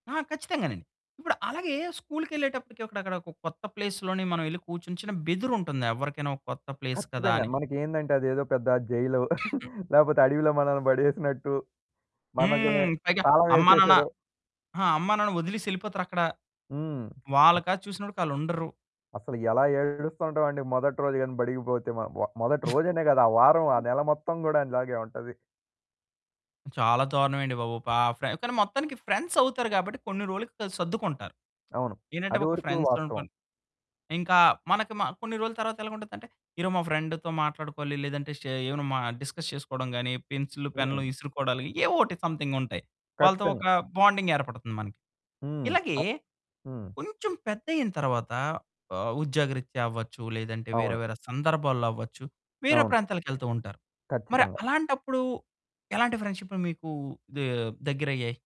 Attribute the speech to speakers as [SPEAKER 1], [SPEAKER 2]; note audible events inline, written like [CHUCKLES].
[SPEAKER 1] ఆ! ఖచ్చితంగానండి. ఇప్పుడు అలాగే స్కూలుకెళ్ళేటప్పటికి అక్కడొక కొత్త ప్లేస్‌‌లోని మనమెళ్లి కూర్చొని, చిన్న బెదురుంటుంది ఎవరికైనా ఒక కొత్త ప్లేస్ కదా
[SPEAKER 2] ఖచ్చితంగా.
[SPEAKER 1] అని.
[SPEAKER 2] మనకేందంటే, అదేదో పెద్ద జైలు,
[SPEAKER 1] [COUGHS]
[SPEAKER 2] [CHUCKLES] లేపోతే అడవిలో మనల్ని బడేసినట్టు, మనకే
[SPEAKER 1] హ్మ్. పైగా
[SPEAKER 2] తాళం
[SPEAKER 1] అమ్మానాన్న
[SPEAKER 2] యేసేసారు.
[SPEAKER 1] ఆ! అమ్మానాన్న వదిలేసెళ్ళిపోతారక్కడ.
[SPEAKER 2] హ్మ్.
[SPEAKER 1] వాళ్ళ
[SPEAKER 2] అ
[SPEAKER 1] కాసి చూసినప్పడికాళ్ళుండరు.
[SPEAKER 2] అసల ఎలా ఏడుస్తూ ఉంటాం అండి. మొదటి రోజు గాని బడికి పోతే మ వ మొదటి రోజనే కాదు, ఆ వారం, ఆ
[SPEAKER 1] [SNEEZES]
[SPEAKER 2] నెల మొత్తం కూడా అలాగే ఉంటది.
[SPEAKER 1] చాలా దారుణం అండి బాబు. పా ఫ్రె కానీ, మొత్తానికి ఫ్రెండ్సవుతారు కాబట్టి, కొన్ని రోలుకి ఆళ్ళు సర్దుకుంటారు.
[SPEAKER 2] అవును.
[SPEAKER 1] ఏంటంటే,
[SPEAKER 2] అది
[SPEAKER 1] ఒక
[SPEAKER 2] వరకు
[SPEAKER 1] ఫ్రెండ్స్‌
[SPEAKER 2] వాస్తవం.
[SPEAKER 1] అనుకుని. ఇంకా మనకి మ కొన్ని రోలు తర్వాత ఎలగుండుద్దంటే, ఈరోజు మా ఫ్రెండ్‌తో మాట్లాడుకోవాలి, లేదంటే షే ఏమైనా మ డిస్కస్ చేసుకోవడం గాని, పెన్సిల్లు, పెన్నులు
[SPEAKER 2] హ్మ్.
[SPEAKER 1] ఇసురుకోడాలు ఏవో ఒకటి సంథింగుంటాయి. వాళ్ళతో
[SPEAKER 2] కచ్చితంగా.
[SPEAKER 1] ఒక బాండింగ్ ఏర్పడుతుంది మనకి.
[SPEAKER 2] హ్మ్.
[SPEAKER 1] ఇలాగే
[SPEAKER 2] అ హ్మ్.
[SPEAKER 1] కొంచెం పెద్దయింతర్వాత, ఆహ్, ఉద్యోగరీత్యా అవ్వచ్చు, లేదంటే వేరే,
[SPEAKER 2] అవును.
[SPEAKER 1] వేరే సందర్భాల్లో అవ్వచ్చు, వేరే
[SPEAKER 2] అవును.
[SPEAKER 1] ప్రాంతాలకెళ్తూ ఉంటారు. మరి
[SPEAKER 2] కచ్చితంగా.
[SPEAKER 1] అలాంటప్పుడు ఎలాంటి ఫ్రెండ్‌షిప్పులు మీకు దే దగ్గరయ్యేయి.